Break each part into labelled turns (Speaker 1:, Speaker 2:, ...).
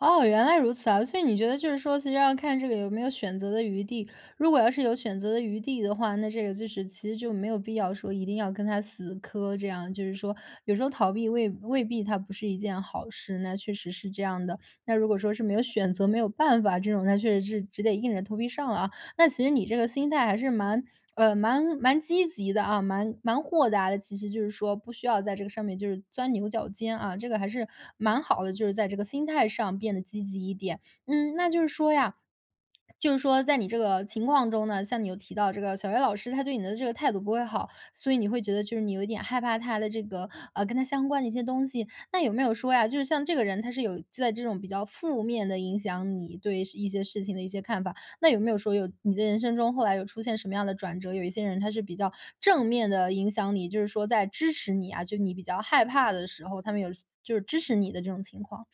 Speaker 1: 哦，原来如此啊。所以你觉得就是说，其实要看这个有没有选择的余地。如果要是有选择的余地的话，那这个就是其实就没有必要说一定要跟他死磕这样。就是说，有时候逃避未未必它不是一件好事，那确实是这样的。那如果说是没有选择，没有办法、这种那确实是只得硬着头皮上了啊。那其实你这个心态还是蛮，呃蛮蛮积极的啊，蛮蛮豁达的。其实就是说，不需要在这个上面就是钻牛角尖啊，这个还是，蛮好的。就是在这个心态上变得积极一点。嗯，那就是说呀就是说在你这个情况中呢，像你又提到这个小学老师，他对你的这个态度不会好，所以你会觉得就是你有一点害怕他的这个，呃，跟他相关的一些东西，那有没有说呀，就是像这个人，他是有在这种比较负面地影响你对一些事情的一些看法？那有没有说，有你的人生中后来有出现什么样的转折？有一些人他是比较正面地影响你，就是说在支持你啊？就是你比较害怕的时候，他们有就是支持你的这种情况？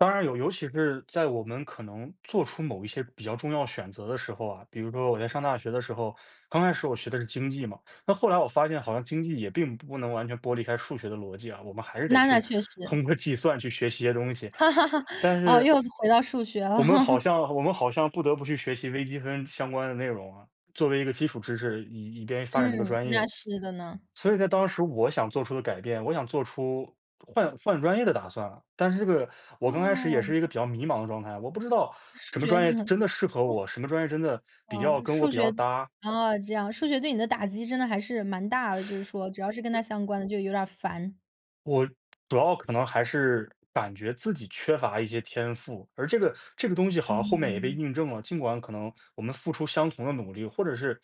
Speaker 2: 当然有，尤其是，在我们可能做出某一些比较重要选择的时候啊。比如说我在上大学的时候，刚开始我学的是经济嘛。那后来我发现好像经济也并不能完全剥离开数学的逻辑啊，我们还是得
Speaker 1: 那那
Speaker 2: 去
Speaker 1: 确实。
Speaker 2: 通过计算去学习一些东西。但
Speaker 1: 哦，
Speaker 2: 是
Speaker 1: 又回到数学了。
Speaker 2: 我们好 像我们好像不得不去学习微积分相关的内容啊，作为一个基础知识，以以便发展这个
Speaker 1: 嗯，
Speaker 2: 专
Speaker 1: 那
Speaker 2: 业。
Speaker 1: 是的呢。
Speaker 2: 所以在当时我想做出的改变，我想做出换换专业的打算了。但是这个，我刚开始也
Speaker 1: 哦。
Speaker 2: 是一个比较迷茫的状态，我不知道
Speaker 1: 是
Speaker 2: 什么
Speaker 1: 觉
Speaker 2: 专
Speaker 1: 得
Speaker 2: 业
Speaker 1: 哦。
Speaker 2: 真的适合我？什么专业真的比
Speaker 1: 哦，
Speaker 2: 较跟我
Speaker 1: 数
Speaker 2: 比
Speaker 1: 学
Speaker 2: 较搭。
Speaker 1: 啊这样，数学对你的打击真的还是蛮大的，就是说，只要是跟他相关的就有点儿烦。
Speaker 2: 我主要可能还是感觉自己缺乏一些天赋，而这个这个东西好像后面也被
Speaker 1: 嗯。
Speaker 2: 印证了。尽管可能我们付出相同的努力，或者是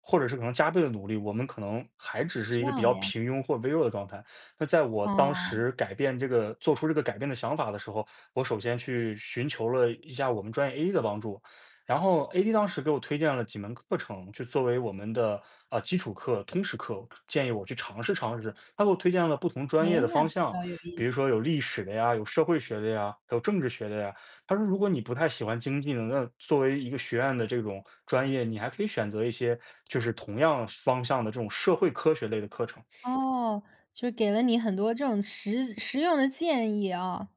Speaker 2: 或者是可能加倍的努力，我们可能还只是一
Speaker 1: 这
Speaker 2: 个比
Speaker 1: 样
Speaker 2: 较
Speaker 1: 的呀。
Speaker 2: 平庸或微弱的状态。那在我当
Speaker 1: 哦。
Speaker 2: 时改变这个做出这个改变的想法的时候，我首先去寻求了一下我们专业 A 的帮助。然后 AD 当时给我推荐了几门课程，就作为我们的，呃，基础课，通识课、建议我去尝试尝试。他给我推荐了不同
Speaker 1: 唉，
Speaker 2: 专业的
Speaker 1: 那
Speaker 2: 方
Speaker 1: 比
Speaker 2: 向，
Speaker 1: 较有意
Speaker 2: 比如
Speaker 1: 思。
Speaker 2: 说有历史的呀，有社会学的呀、有政治学的呀。他说如果你不太喜欢经济呢，那作为一个学院的这种专业，你还可以选择一些，就是同样方向的这种社会科学类的课程。
Speaker 1: 哦，就给了你很多这种实实用的建议啊。